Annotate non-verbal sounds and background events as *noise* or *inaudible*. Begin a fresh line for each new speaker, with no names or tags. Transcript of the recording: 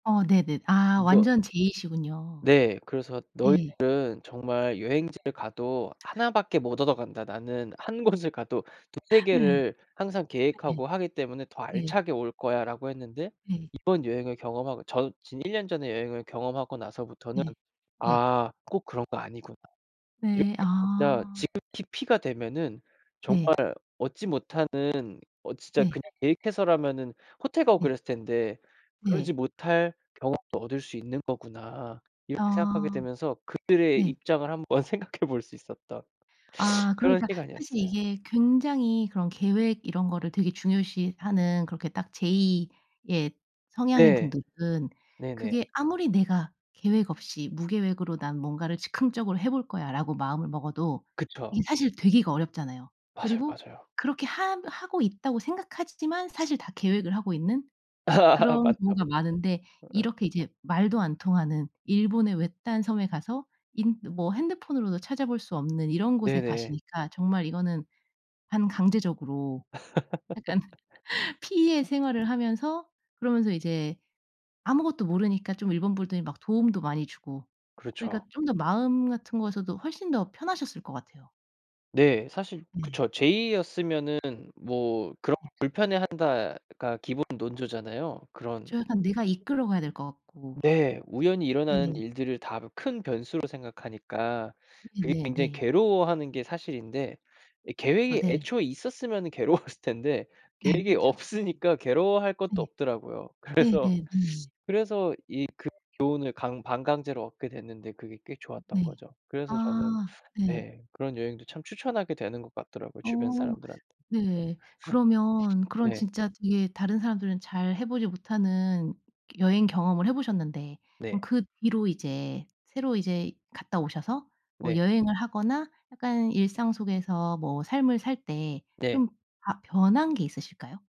어 네네. 아
너
완전 J시군요.
네 그래서
네.
"너희들은 정말 여행지를 가도 1 밖에 못 얻어간다. 나는 1 곳을 가도 2-3
*laughs* 네.
개를 항상
네.
계획하고 하기 때문에 더
네.
알차게 올거야." 라고 했는데
네.
이번 여행을 경험하고 저 진 1 년 전에 여행을 경험하고 나서부터는
네. 네.
'아 꼭 그런 거 아니구나. 이렇게
네.
진짜
아.
지극히 P가 되면은
네.
정말 얻지 못하는 어 진짜
네.
그냥 계획해서라면은 호텔 가고
네.
그랬을 텐데 그러지
네.
못할 경험도 얻을 수 있는 거구나.' 이렇게 생각하게
아.
되면서 그들의
네.
입장을 한번 생각해 볼 수 있었던 *sucks teeth*
아
그런
그러니까 사실
시간이었어요.
이게 굉장히 그런 계획 이런 거를 되게 중요시하는 그렇게 딱 J의 성향인
네.
분들은
네네.
그게 아무리 내가 계획 없이 '무계획으로 난 뭔가를 즉흥적으로 해 볼거야.' 라고 마음을 먹어도
그쵸.
이게 사실 되기가 어렵잖아요.
맞아요,
그리고
맞아요.
그렇게 하 하고 있다고 생각하지 지만 사실 다 계획을 하고 있는
*laughs*
그런
맞죠.
경우가 많은데
어.
이렇게 이제 말도 안 통하는 일본의 외딴 섬에 가서 인 뭐 핸드폰으로도 찾아볼 수 없는 이런 곳에
네네.
가시니까 정말 이거는 반강제적으로 약간 *laughs* P의
*laughs*
생활을 하면서 그러면서 이제 아무것도 모르니까 좀 일본 분들이 막 도움도 많이 주고 그러니까
그렇죠.
좀 더 마음 같은 곳에도 훨씬 더 편하셨을 것 같아요.
네. 사실
네.
그쵸. J였으면은 뭐 그런
예.
'불편해한다.'가 기본 논조잖아요. 그런
그쵸, 약간 내가 이끌어 가야 될 것 같고.
네. 우연히 일어나는
네네.
일들을 다 큰 변수로 생각하니까 그게
네네
굉장히
네.
괴로워하는 게 사실인데 예
그쵸.
계획이
네.
애초에 있었으면은 괴로웠을 텐데
네.
계획이
그쵸.
없으니까 괴로워할 것도
네
없더라고요.
네
그래서
네
*sucks teeth*
네.
그래서 이 그 교훈을 강 반강제로 얻게 됐는데 그게 꽤
음
좋았던
네.
거죠. 그래서 저는
아. 네.
네 그런 여행도 참 추천하게 되는 것 같더라고요.
어
주변 사람들한테.
네. 그러면 그런
*laughs* 네.
진짜 이게 다른 사람들은 잘 해 보지 못하는 여행 경험을 해 보셨는데, 그럼
네.
그 뒤로 이제 새로 이제 갔다 오셔서 뭐
네.
여행을 하거나 약간 일상 속에서 뭐 삶을 살 때
네.
좀 바 변한 게 있으실까요?